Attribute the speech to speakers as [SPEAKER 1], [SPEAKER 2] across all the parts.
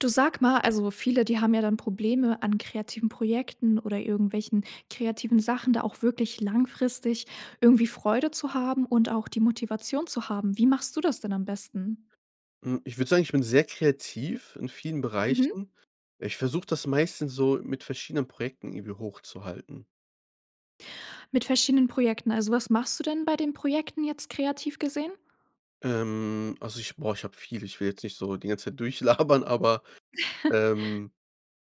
[SPEAKER 1] Du sag mal, also, viele, die haben ja dann Probleme an kreativen Projekten oder irgendwelchen kreativen Sachen, da auch wirklich langfristig irgendwie Freude zu haben und auch die Motivation zu haben. Wie machst du das denn am besten?
[SPEAKER 2] Hm, ich würde sagen, ich bin sehr kreativ in vielen
[SPEAKER 1] Mhm.
[SPEAKER 2] Bereichen. Ich versuche das meistens so mit verschiedenen Projekten irgendwie hochzuhalten.
[SPEAKER 1] Mit verschiedenen Projekten. Also, was machst du denn bei den Projekten jetzt kreativ gesehen?
[SPEAKER 2] Ähm, also ich, boah, ich habe viel. Ich will jetzt nicht so die ganze Zeit durchlabern, aber, ähm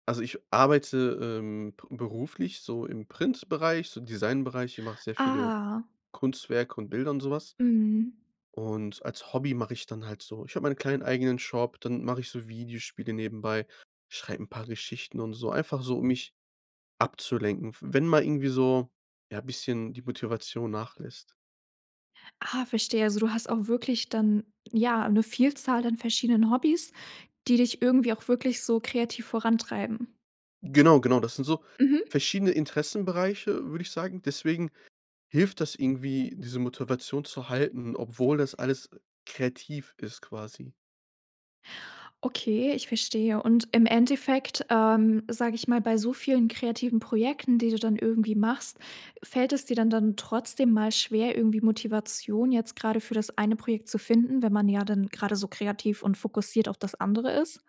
[SPEAKER 2] also ich arbeite, ähm, be beruflich so im Printbereich, so Designbereich. Ich mache sehr viele
[SPEAKER 1] Ah.
[SPEAKER 2] Kunstwerke und Bilder und so was.
[SPEAKER 1] Mhm.
[SPEAKER 2] Und als Hobby mache ich dann halt so ich habe meinen kleinen eigenen Shop, dann mache ich so Videospiele nebenbei, schreib 'n paar Geschichten und so. Einfach so, um mich abzulenken, w wenn mal irgendwie so, ja, bisschen die Motivation nachlässt.
[SPEAKER 1] Ah, verstehe. Also, du hast auch wirklich dann, ja, 'ne Vielzahl an verschiedenen Hobbys, die dich irgendwie auch wirklich so kreativ vorantreiben.
[SPEAKER 2] Genau, genau. Das sind so
[SPEAKER 1] Mhm.
[SPEAKER 2] verschiedene Interessenbereiche, würde ich sagen. Deswegen hilft das irgendwie, diese Motivation zu halten, obwohl das alles kreativ ist quasi.
[SPEAKER 1] Okay, ich verstehe, und im Endeffekt, ähm, sage ich mal, bei so vielen kreativen Projekten, die du dann irgendwie machst, fällt es dir dann dann trotzdem mal schwer, irgendwie Motivation jetzt grade für das eine Projekt zu finden, wenn man ja dann grade so kreativ und fokussiert auf das andere ist?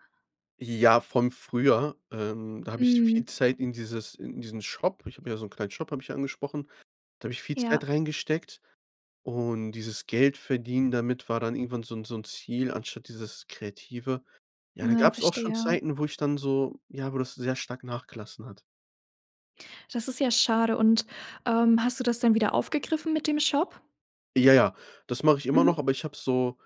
[SPEAKER 2] Ja, vom früher, ähm, da habe ich viel
[SPEAKER 1] Mhm.
[SPEAKER 2] Zeit in dieses in diesen Shop ich habe ja so 'n kleinen Shop, habe ich ja angesprochen. Da habe ich viel Zeit
[SPEAKER 1] Ja.
[SPEAKER 2] reingesteckt und dieses Geldverdienen damit war dann irgendwann so 'n so 'n Ziel anstatt dieses Kreative. Ja, dann
[SPEAKER 1] Ne,
[SPEAKER 2] gab's auch schon
[SPEAKER 1] verstehe.
[SPEAKER 2] Zeiten, wo ich dann so ja, wo das sehr stark nachgelassen hat.
[SPEAKER 1] Das ist ja schade. Und, ähm, hast du das denn wieder aufgegriffen mit dem Shop?
[SPEAKER 2] Ja, ja, das mache ich immer noch,
[SPEAKER 1] Mhm.
[SPEAKER 2] aber ich habe so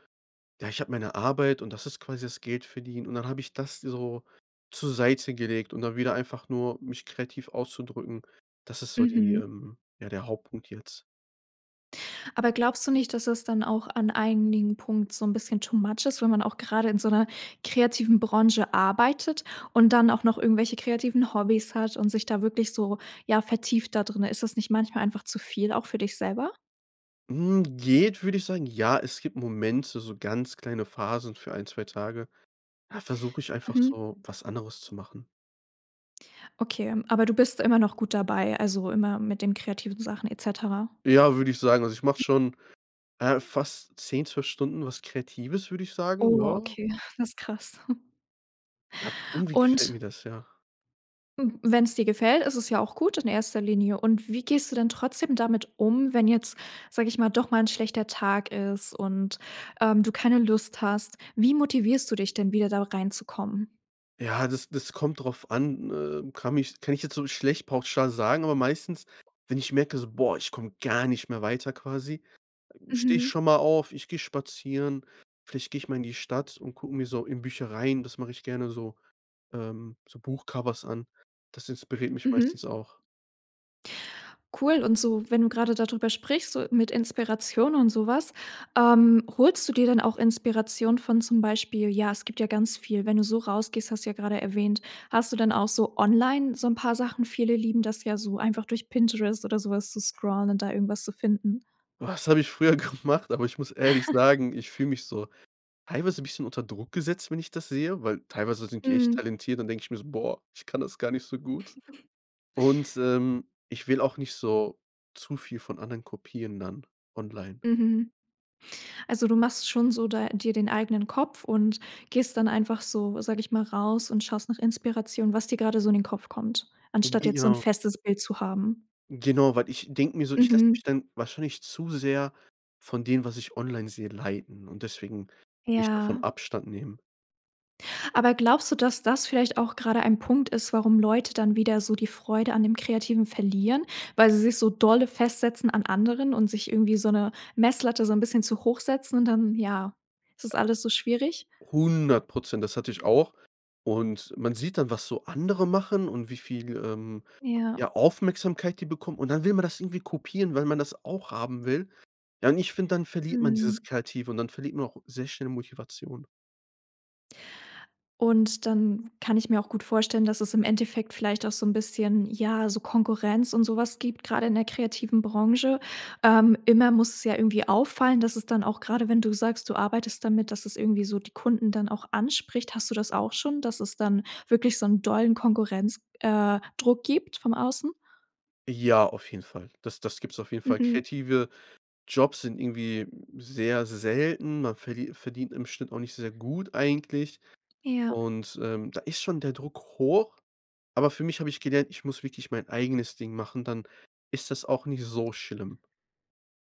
[SPEAKER 2] ja, ich habe meine Arbeit und das ist quasi das Geldverdienen. Und dann habe ich das so zur Seite gelegt und dann wieder einfach nur mich kreativ auszudrücken, das ist so die,
[SPEAKER 1] Mhm.
[SPEAKER 2] ähm ja, der Hauptpunkt jetzt.
[SPEAKER 1] Aber glaubst du nicht, dass es dann auch an einigen Punkt so 'n bisschen too much ist, wenn man auch grade in so 'ner kreativen Branche arbeitet und dann auch noch irgendwelche kreativen Hobbys hat und sich da wirklich so, ja, vertieft da drinnen? Ist das nicht manchmal einfach zu viel auch für dich selber?
[SPEAKER 2] Hm, geht, würde ich sagen. Ja, es gibt Momente, so ganz kleine Phasen für 1, 2 Tage. Da versuche ich einfach
[SPEAKER 1] Mhm.
[SPEAKER 2] so was anderes zu machen.
[SPEAKER 1] Okay, aber du bist immer noch gut dabei, also, immer mit den kreativen Sachen et cetera?
[SPEAKER 2] Ja, würde ich sagen. Also, ich mache schon, äh, fast 10, 12 Stunden was Kreatives, würde ich sagen,
[SPEAKER 1] Oh,
[SPEAKER 2] ja.
[SPEAKER 1] okay, das krass.
[SPEAKER 2] Ja, irgendwie gefällt
[SPEAKER 1] Und
[SPEAKER 2] mir das, ja.
[SPEAKER 1] Wenn's dir gefällt, ist es ja auch gut in 1. Linie und wie gehst du denn trotzdem damit um, wenn jetzt, sage ich mal, doch mal 'n schlechter Tag ist und, ähm, du keine Lust hast? Wie motivierst du dich denn wieder da reinzukommen?
[SPEAKER 2] Ja, das das kommt drauf an, äh, kann mich kann ich jetzt so schlecht pauschal sagen, aber meistens, wenn ich merke so: „Boah, ich komme gar nicht mehr weiter quasi“, stehe ich
[SPEAKER 1] Mhm.
[SPEAKER 2] schon mal auf. Ich gehe spazieren. Vielleicht gehe ich mal in die Stadt und gucke mir so in Büchereien, das mache ich gerne so, ähm so Buchcovers an. Das inspiriert mich
[SPEAKER 1] Mhm.
[SPEAKER 2] meistens auch.
[SPEAKER 1] Cool und so, wenn du grade dadrüber sprichst, so mit Inspiration und sowas, ähm, holst du dir dann auch Inspiration von zum Beispiel ja, es gibt ja ganz viel, wenn du so rausgehst, hast du ja grade erwähnt, hast du dann auch so online so 'n paar Sachen? Viele lieben das ja so, einfach durch Pinterest oder so was zu scrollen und da irgendwas zu finden.
[SPEAKER 2] Was habe ich früher gemacht? Aber ich muss ehrlich sagen, ich fühle mich so teilweise 'n bisschen unter Druck gesetzt, wenn ich das sehe, weil teilweise sind die echt
[SPEAKER 1] Mhm.
[SPEAKER 2] talentiert. Dann denke ich mir so: „Boah, ich kann das gar nicht so gut.“ Und, ähm, ich will auch nicht so zu viel von anderen kopieren dann online.
[SPEAKER 1] Mhm. Also, du machst schon so da dir den eigenen Kopf und gehst dann einfach so, sage ich mal, raus und schaust nach Inspiration, was dir gerade so in den Kopf kommt, anstatt jetzt so 'n
[SPEAKER 2] Genau.
[SPEAKER 1] festes Bild zu haben?
[SPEAKER 2] Genau, weil ich denke mir so: „Ich lasse
[SPEAKER 1] Mhm.
[SPEAKER 2] mich dann wahrscheinlich zu sehr von dem, was ich online sehe leiten“, und deswegen würde ich davon
[SPEAKER 1] Ja.
[SPEAKER 2] Abstand nehmen.
[SPEAKER 1] Aber glaubst du, dass das vielleicht auch grade ein Punkt ist, warum Leute dann wieder so die Freude an dem Kreativen verlieren? Weil sie sich so dolle festsetzen an anderen und sich irgendwie so 'ne Messlatte so 'n bisschen zu hoch setzen und dann, ja, ist das alles so schwierig?
[SPEAKER 2] 100 %, das hatte ich auch. Und man sieht dann, was so andere machen und wie viel, ähm,
[SPEAKER 1] Ja.
[SPEAKER 2] ja Aufmerksamkeit die bekommen. Und dann will man das irgendwie kopieren, weil man das auch haben will. Ja, und ich finde, dann verliert man
[SPEAKER 1] Mhm.
[SPEAKER 2] dieses Kreative und dann verliert man auch sehr schnell Motivation.
[SPEAKER 1] Und dann kann ich mir auch gut vorstellen, dass es im Endeffekt vielleicht auch so 'n bisschen, ja, so Konkurrenz und sowas gibt, grade in der kreativen Branche. Ähm, immer muss es ja irgendwie auffallen, dass es dann auch grade wenn du sagst, du arbeitest damit, dass es irgendwie so die Kunden dann auch anspricht, hast du das auch schon, dass es dann wirklich so 'n dollen Konkurrenz äh, Druck gibt vom Außen?
[SPEAKER 2] Ja, auf jeden Fall. Das das gibt's auf jeden Fall.
[SPEAKER 1] Mhm.
[SPEAKER 2] Kreative Jobs sind irgendwie sehr selten. Man verli verdient im Schnitt auch nicht sehr gut eigentlich
[SPEAKER 1] Ja.
[SPEAKER 2] und, ähm, da ist schon der Druck hoch. Aber für mich habe ich gelernt, ich muss wirklich mein eigenes Ding machen, dann ist das auch nicht so schlimm.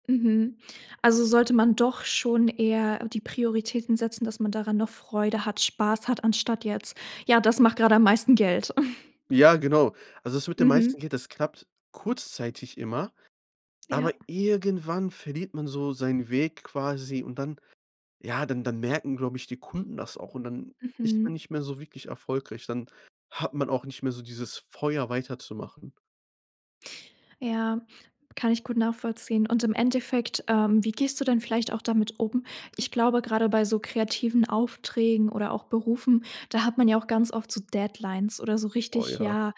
[SPEAKER 1] Mhm. Also, sollte man doch schon eher die Prioritäten setzen, dass man daran noch Freude hat, Spaß hat, anstatt jetzt: „Ja, das macht grade am meisten Geld.“
[SPEAKER 2] Ja, genau. Also, das mit dem meisten
[SPEAKER 1] Mhm.
[SPEAKER 2] Geld, das klappt kurzzeitig immer, aber
[SPEAKER 1] Ja.
[SPEAKER 2] irgendwann verliert man so seinen Weg quasi und dann ja dann dann merken, glaube ich, die Kunden das auch und dann ist man
[SPEAKER 1] Mhm.
[SPEAKER 2] nicht mehr so wirklich erfolgreich. Dann hat man auch nicht mehr so dieses Feuer weiterzumachen.
[SPEAKER 1] Ja, kann ich gut nachvollziehen und im Endeffekt, ähm, wie gehst du denn vielleicht auch damit um? Ich glaube, grade bei so kreativen Aufträgen oder auch Berufen, da hat man ja auch ganz oft so Deadlines oder so
[SPEAKER 2] Boah,
[SPEAKER 1] richtig,
[SPEAKER 2] ja.
[SPEAKER 1] ja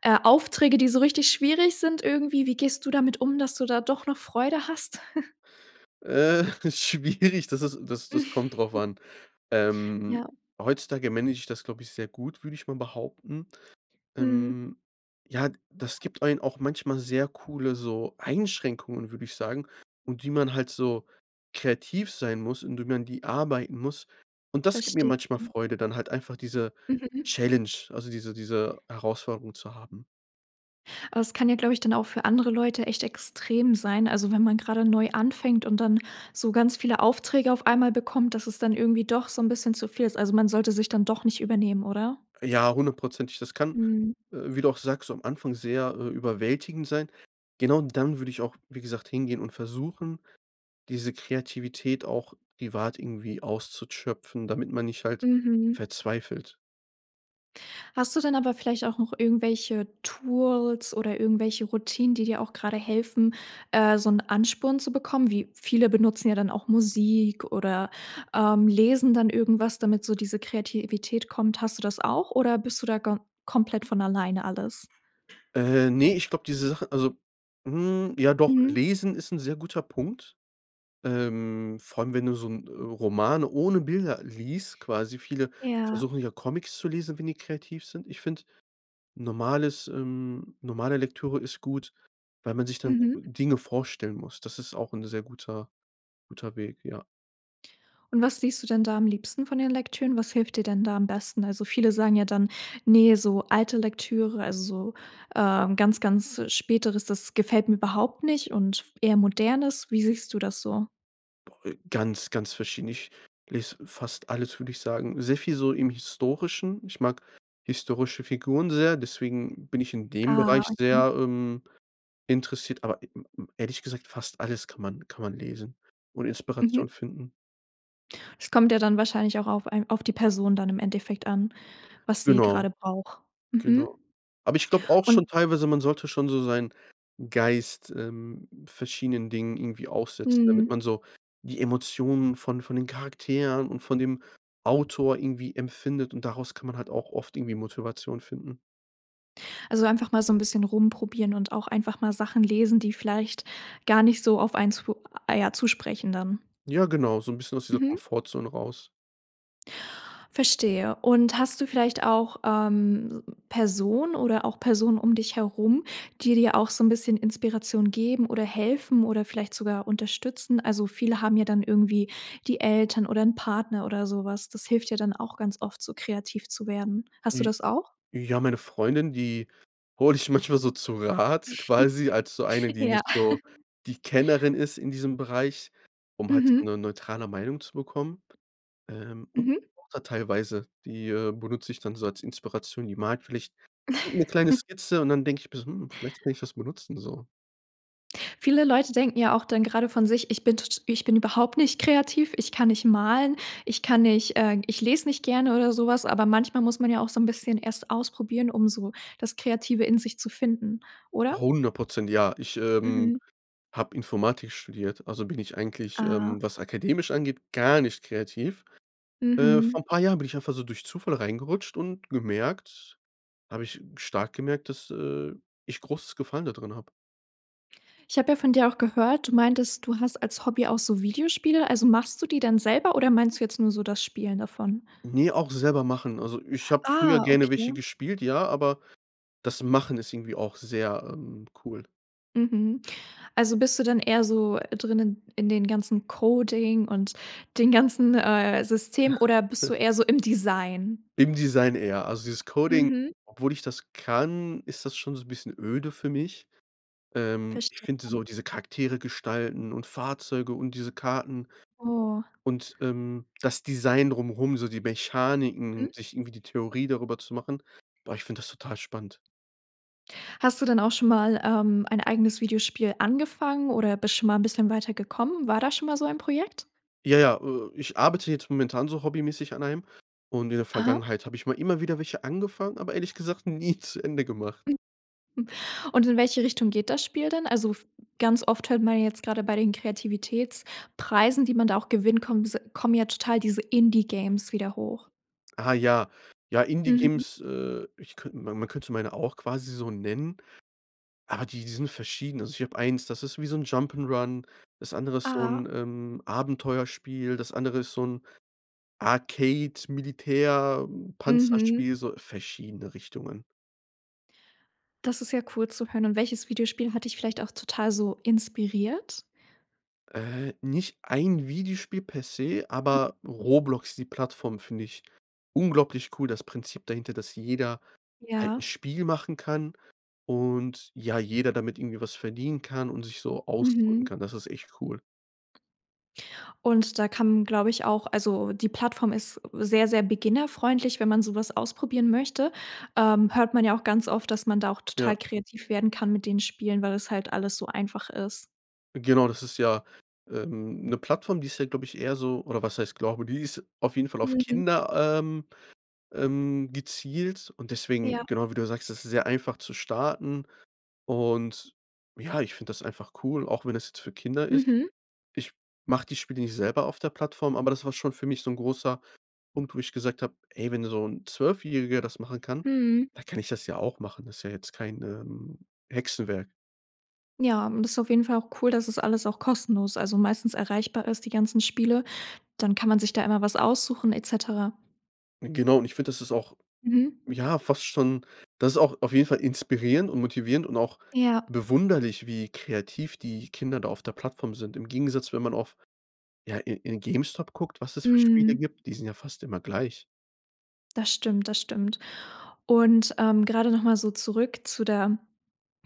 [SPEAKER 1] äh, Aufträge, die so richtig schwierig sind irgendwie. Wie gehst du damit um, dass du da doch noch Freude hast?
[SPEAKER 2] Äh, schwierig, das ist das das kommt drauf an. Ähm,
[SPEAKER 1] Ja.
[SPEAKER 2] heutzutage manage ich das, glaube ich, sehr gut, würde ich mal behaupten.
[SPEAKER 1] Mhm.
[SPEAKER 2] Ähm, ja, das gibt einen auch manchmal sehr coole, so Einschränkungen, würde ich sagen und die man halt so kreativ sein muss und wie man die arbeiten muss. Und das gibt mir
[SPEAKER 1] Verstehe.
[SPEAKER 2] manchmal Freude, dann halt einfach diese
[SPEAKER 1] Mhm.
[SPEAKER 2] Challenge, also, diese diese Herausforderung zu haben.
[SPEAKER 1] Aber es kann ja, glaube ich, dann auch für andere Leute echt extrem sein. Also, wenn man grade neu anfängt und dann so ganz viele Aufträge auf einmal bekommt, dass es dann irgendwie doch so 'n bisschen zu viel ist. Also, man sollte sich dann doch nicht übernehmen, oder?
[SPEAKER 2] Ja, 100 %. Das kann,
[SPEAKER 1] Mhm.
[SPEAKER 2] äh, wie du auch sagst, am Anfang, sehr, äh, überwältigend sein. Genau, dann würde ich auch, wie gesagt, hingehen und versuchen, diese Kreativität auch privat irgendwie auszuschöpfen, damit man nicht halt
[SPEAKER 1] Mhm.
[SPEAKER 2] verzweifelt.
[SPEAKER 1] Hast du denn aber vielleicht auch noch irgendwelche Tools oder irgendwelche Routinen, die dir auch grade helfen, äh, so 'n Ansporn zu bekommen? Wie viele benutzen ja dann auch Musik oder, ähm, lesen dann irgendwas, damit so diese Kreativität kommt. Hast du das auch oder bist du da ga komplett von alleine alles?
[SPEAKER 2] Äh, ne, ich glaub, diese Sache, also hm, ja doch,
[SPEAKER 1] Mhm.
[SPEAKER 2] lesen ist 'n sehr guter Punkt. Ähm, vor allem, wenn du so 'n Roman ohne Bilder liest, quasi viele
[SPEAKER 1] Ja.
[SPEAKER 2] versuchen ja Comics zu lesen, wenn die kreativ sind. Ich finde, normales, ähm normale Lektüre ist gut, weil man sich dann
[SPEAKER 1] Mhm.
[SPEAKER 2] Dinge vorstellen muss. Das ist auch 'n sehr guter guter Weg, ja.
[SPEAKER 1] Und was liest du denn da am liebsten von den Lektüren? Was hilft dir denn da am besten? Also viele sagen ja dann: „Ne, so alte Lektüre, also so, ähm, ganz, ganz Späteres, das gefällt mir überhaupt nicht und eher Modernes.“ Wie siehst du das so?
[SPEAKER 2] Boah ey, ganz, ganz verschieden. Ich lese fast alles, würde ich sagen. Sehr viel so im Historischen. Ich mag historische Figuren sehr, deswegen bin ich in dem
[SPEAKER 1] Ah,
[SPEAKER 2] Bereich
[SPEAKER 1] okay.
[SPEAKER 2] sehr, ähm, interessiert. Aber ehrlich gesagt, fast alles kann man kann man lesen und
[SPEAKER 1] Mhm.
[SPEAKER 2] Inspiration finden.
[SPEAKER 1] Es kommt ja dann wahrscheinlich auch auf ein auf die Person dann im Endeffekt an, was sie
[SPEAKER 2] Genau.
[SPEAKER 1] grade braucht. Mhm.
[SPEAKER 2] Genau. Aber ich glaube auch schon
[SPEAKER 1] Und
[SPEAKER 2] teilweise, man sollte schon so seinen Geist, ähm, verschiedenen Dingen irgendwie aufsetzen, damit
[SPEAKER 1] Mhm.
[SPEAKER 2] man so die Emotionen von von den Charakteren und von dem Autor irgendwie empfindet und daraus kann man halt auch oft irgendwie Motivation finden.
[SPEAKER 1] Also einfach mal so 'n bisschen rumprobieren und auch einfach mal Sachen lesen, die vielleicht gar nicht so auf einen zu ah, ja zu sprechen dann.
[SPEAKER 2] Ja, genau, so 'n bisschen aus dieser
[SPEAKER 1] Mhm.
[SPEAKER 2] Komfortzone raus.
[SPEAKER 1] Verstehe. Und hast du vielleicht auch, ähm, Personen oder auch Personen um dich herum, die dir auch so 'n bisschen Inspiration geben oder helfen oder vielleicht sogar unterstützen? Also, viele haben ja dann irgendwie die Eltern oder 'n Partner oder so was. Das hilft ja dann auch ganz oft, so kreativ zu werden. Hast du
[SPEAKER 2] Die
[SPEAKER 1] das auch?
[SPEAKER 2] ja, meine Freundin, die hole ich manchmal so zu Rat quasi als so eine, die
[SPEAKER 1] Ja.
[SPEAKER 2] nicht so die Kennerin ist in diesem Bereich, um halt so
[SPEAKER 1] Mhm.
[SPEAKER 2] 'ne neutrale Meinung zu bekommen. Ähm, und
[SPEAKER 1] Mhm.
[SPEAKER 2] [unintelligible] Mutter teilweise, die, äh, benutze ich dann so als Inspiration. Die mag vielleicht 'ne kleine Skizze und dann denke ich: „Bes hm, vielleicht kann ich das mal nutzen so.“
[SPEAKER 1] Viele Leute denken ja auch dann grade von sich: „Ich bin t t ich bin überhaupt nicht kreativ, ich kann nicht malen, ich kann nicht, äh ich lese nicht gerne oder so was.“ Aber manchmal muss man ja auch so 'n bisschen erst ausprobieren, um so das Kreative in sich zu finden, oder?
[SPEAKER 2] 100 % ja, ich, ähm,
[SPEAKER 1] Mhm.
[SPEAKER 2] habe Informatik studiert, also, bin ich eigentlich,
[SPEAKER 1] Ah.
[SPEAKER 2] ähm, was akademisch angeht, gar nicht kreativ. Äh,
[SPEAKER 1] Mhm.
[SPEAKER 2] vor 'n paar Jahren bin ich einfach so durch Zufall reingerutscht und gemerkt habe ich stark gemerkt, dass, äh, ich großes Gefallen dadrin habe.
[SPEAKER 1] Ich habe ja von dir auch gehört, du meintest, du hast als Hobby auch so Videospiele, also, machst du die dann selber oder meinst du jetzt nur so das Spielen davon?
[SPEAKER 2] Ne, auch selber machen. Also, ich habe früher
[SPEAKER 1] Ah,
[SPEAKER 2] gerne welche
[SPEAKER 1] okay.
[SPEAKER 2] gespielt, ja, aber das Machen ist irgendwie auch sehr, ähm, cool.
[SPEAKER 1] Mhm. Also, bist du dann eher so drinnen in den ganzen Coding und den ganzen, äh, System oder bist du eher so im Design?
[SPEAKER 2] Im Design eher. Also dieses Coding,
[SPEAKER 1] Mhm.
[SPEAKER 2] obwohl ich das kann, ist das schon so 'n bisschen öde für mich. Ähm, ich
[SPEAKER 1] Verstehe.
[SPEAKER 2] finde so diese Charaktere gestalten und Fahrzeuge und diese Karten
[SPEAKER 1] Oh.
[SPEAKER 2] und, ähm, das Design drumherum, so die
[SPEAKER 1] Mhm.
[SPEAKER 2] Mechaniken, sich irgendwie die Theorie darüber zu machen. Boah, ich finde das total spannend.
[SPEAKER 1] Hast du dann auch schon mal, ähm, ein eigenes Videospiel angefangen oder bist schon mal 'n bisschen weiter gekommen? War da schon mal so ein Projekt?
[SPEAKER 2] Ja, ja, äh, ich arbeite jetzt momentan so hobbymäßig an einem und in der
[SPEAKER 1] Aha.
[SPEAKER 2] Vergangenheit habe ich mal immer wieder welche angefangen, aber ehrlich gesagt nie zu Ende gemacht.
[SPEAKER 1] Und in welche Richtung geht das Spiel dann? Also, f ganz oft hört man ja jetzt grade bei den Kreativitätspreisen, die man da auch gewinnt, kommen diese kommen ja total diese Indie-Games wieder hoch.
[SPEAKER 2] Ah, ja. Ja,
[SPEAKER 1] Mhm.
[SPEAKER 2] Indie-Games, äh, ich könnt ma man könnte meine auch quasi so nennen, aber die sind verschieden. Also, ich habe eins, das ist wie so 'n Jump 'n' Run, das andere ist so
[SPEAKER 1] Ah.
[SPEAKER 2] 'n, ähm, Abenteuerspiel, das andere ist so 'n Arcade
[SPEAKER 1] Mhm.
[SPEAKER 2] Militär-Panzerspiel, so verschiedene Richtungen.
[SPEAKER 1] Das ist ja cool zu hören. Und welches Videospiel hat dich vielleicht auch total so inspiriert?
[SPEAKER 2] Äh, nicht ein Videospiel per se, aber Roblox, die Plattform, finde ich unglaublich cool. Das Prinzip dahinter, dass jeder halt 'n
[SPEAKER 1] Ja.
[SPEAKER 2] Spiel machen kann und ja, jeder damit irgendwie was verdienen kann und sich so ausdrücken
[SPEAKER 1] Mhm.
[SPEAKER 2] kann. Das ist echt cool.
[SPEAKER 1] Und da kann, glaube ich, auch also, die Plattform ist sehr, sehr beginnerfreundlich, wenn man sowas ausprobieren möchte. Ähm, hört man ja auch ganz oft, dass man da auch total
[SPEAKER 2] Ja.
[SPEAKER 1] kreativ werden kann mit den Spielen, weil es halt alles so einfach ist.
[SPEAKER 2] Genau, das ist ja, ähm, 'ne Plattform, die ist ja, glaube ich, eher so oder was heißt glaube, die ist auf jeden Fall auf
[SPEAKER 1] Mhm.
[SPEAKER 2] Kinder, ähm, ähm, gezielt und deswegen
[SPEAKER 1] Ja.
[SPEAKER 2] genau, wie du ja sagst, das ist sehr einfach zu starten. Und ja, ich finde das einfach cool, auch wenn das jetzt für Kinder ist.
[SPEAKER 1] Mhm.
[SPEAKER 2] Ich mache die Spiele nicht selber auf der Plattform, aber das war schon für mich so 'n großer Punkt, wo ich gesagt habe: „Ey, wenn so 'n Zwölfjähriger das machen kann,
[SPEAKER 1] Mhm.
[SPEAKER 2] dann kann ich das ja auch machen. Das ist ja jetzt kein, ähm, Hexenwerk.“
[SPEAKER 1] Ja, und das ist auf jeden Fall auch cool, dass es alles auch kostenlos, also, meistens erreichbar ist, die ganzen Spiele. Dann kann man sich da immer was aussuchen et cetera.
[SPEAKER 2] Genau und ich finde, das ist auch,
[SPEAKER 1] Mhm.
[SPEAKER 2] ja fast schon das ist auch auf jeden Fall inspirierend und motivierend und auch
[SPEAKER 1] Ja.
[SPEAKER 2] bewunderlich, wie kreativ die Kinder da auf der Plattform sind. Im Gegensatz, wenn man auf ja, in in Gamestop guckt, was es für Spiele
[SPEAKER 1] Mhm.
[SPEAKER 2] gibt, die sind ja fast immer gleich.
[SPEAKER 1] Das stimmt, das stimmt. Und, ähm, grade noch mal so zurück zu der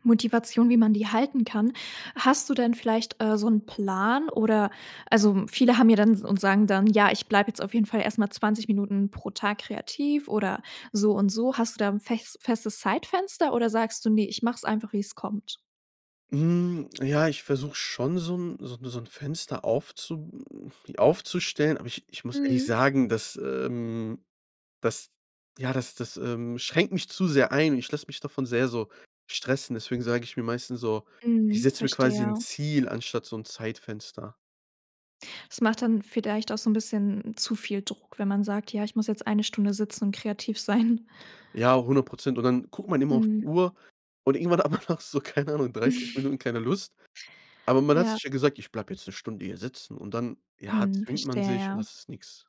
[SPEAKER 1] Motivation, wie man die halten kann. Hast du denn vielleicht, äh, so 'n Plan oder also, viele haben ja dann und sagen dann: „Ja, ich bleibe jetzt auf jeden Fall erst mal 20 Minuten pro Tag kreativ oder so und so.“ Hast du da 'n fes festes Zeitfenster oder sagst du: „Ne, ich mache es einfach, wie es kommt?“
[SPEAKER 2] Hm, ja, ich versuche schon so 'n so so 'n Fenster aufzu aufzustellen, aber ich ich muss ehrlich
[SPEAKER 1] Mhm.
[SPEAKER 2] sagen, dass, ähm, das, ja das das, ähm, schränkt mich zu sehr ein. Ich lasse mich davon sehr so stressen, deswegen sage ich mir meistens so, ich
[SPEAKER 1] Mhm,
[SPEAKER 2] setze mir quasi 'n
[SPEAKER 1] verstehe.
[SPEAKER 2] Ziel anstatt so 'n Zeitfenster.
[SPEAKER 1] Es macht dann vielleicht auch so 'n bisschen zu viel Druck, wenn man sagt: „Ja, ich muss jetzt 1 Stunde sitzen und kreativ sein.“
[SPEAKER 2] Ja, 100 %. Und dann guckt man immer auf die
[SPEAKER 1] Mhm.
[SPEAKER 2] Uhr und irgendwann aber nach so, keine Ahnung, 30 Minuten, keine Lust. Aber man hat
[SPEAKER 1] Ja.
[SPEAKER 2] sich ja gesagt: „Ich bleibe jetzt 'ne Stunde hier sitzen.“ Und dann, ja,
[SPEAKER 1] Mhm,
[SPEAKER 2] zwingt man
[SPEAKER 1] verstehe,
[SPEAKER 2] sich und
[SPEAKER 1] ja.
[SPEAKER 2] das ist nix.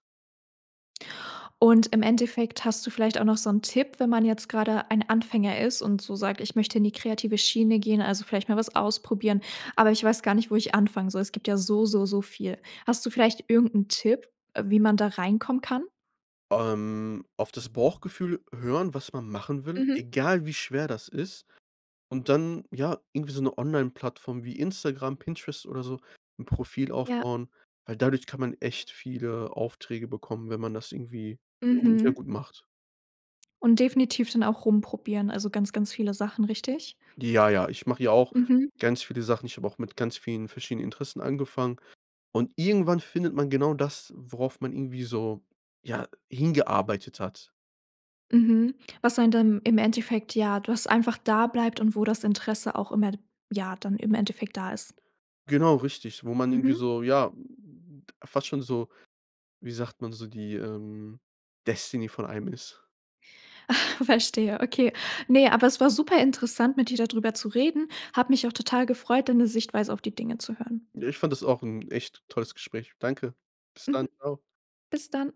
[SPEAKER 1] Und im Endeffekt hast du vielleicht auch noch so 'n Tipp, wenn man jetzt grade ein Anfänger ist und so sagt: „Ich möchte in die kreative Schiene gehen. Also, vielleicht mal was ausprobieren, aber ich weiß gar nicht, wo ich anfangen soll.“ Es gibt ja so, so, so viel. Hast du vielleicht irgend 'n Tipp, äh, wie man da reinkommen kann?
[SPEAKER 2] Ähm, auf das Bauchgefühl hören, was man machen will,
[SPEAKER 1] Mhm.
[SPEAKER 2] egal wie schwer das ist. Und dann, ja, irgendwie so 'ne Onlineplattform wie Instagram, Pinterest oder so, 'n Profil
[SPEAKER 1] Ja.
[SPEAKER 2] aufbauen, weil dadurch kann man echt viele Aufträge bekommen, wenn man das irgendwie gu sehr
[SPEAKER 1] Mhm.
[SPEAKER 2] gut macht.
[SPEAKER 1] Und definitiv dann auch rumprobieren, also, ganz, ganz viele Sachen, richtig?
[SPEAKER 2] Ja, ja, ich mache hier auch
[SPEAKER 1] Mhm.
[SPEAKER 2] ganz viele Sachen. Ich habe auch mit ganz vielen verschiedenen Interessen angefangen und irgendwann findet man genau das, worauf man irgendwie so, ja, hingearbeitet hat.
[SPEAKER 1] Mhm, was einen dann im Endeffekt, ja das einfach da bleibt und wo das Interesse auch immer, ja, dann im Endeffekt da ist.
[SPEAKER 2] Genau, richtig, wo man irgendwie
[SPEAKER 1] Mhm.
[SPEAKER 2] so, ja, fast schon so wie sagt man so, die, ähm, Destiny von einem ist.
[SPEAKER 1] Verstehe, okay. Ne, aber es war super interessant, mit dir da drüber zu reden. Habe mich auch total gefreut, deine Sichtweise auf die Dinge zu hören.
[SPEAKER 2] Ja, ich fand das auch 'n echt tolles Gespräch. Danke. Bis dann.
[SPEAKER 1] Mhm.
[SPEAKER 2] Tschau.
[SPEAKER 1] Bis dann.